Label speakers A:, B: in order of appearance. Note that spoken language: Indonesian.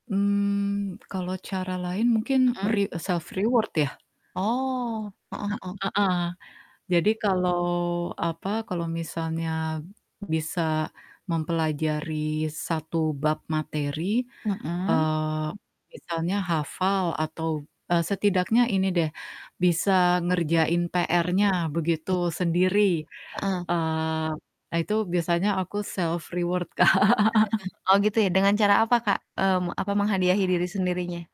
A: Mmm, kalau cara lain mungkin
B: Mhm.
A: re self reward, ya?
B: Oh, heeh
A: E
B: heeh.
A: heeh. Jadi kalau apa, kalau misalnya bisa mempelajari 1 bab materi,
B: Mhm.
A: eee, misalnya hafal atau, eee, setidaknya ini deh, bisa
B: Apa tuh?
A: ngerjain PR-nya begitu
B: Baik.
A: sendiri,
B: Heeh.
A: eee, nah itu biasanya aku self reward Kak.
B: Oh, gitu ya dengan cara apa Kak, mmm, apa menghadiahi diri sendirinya?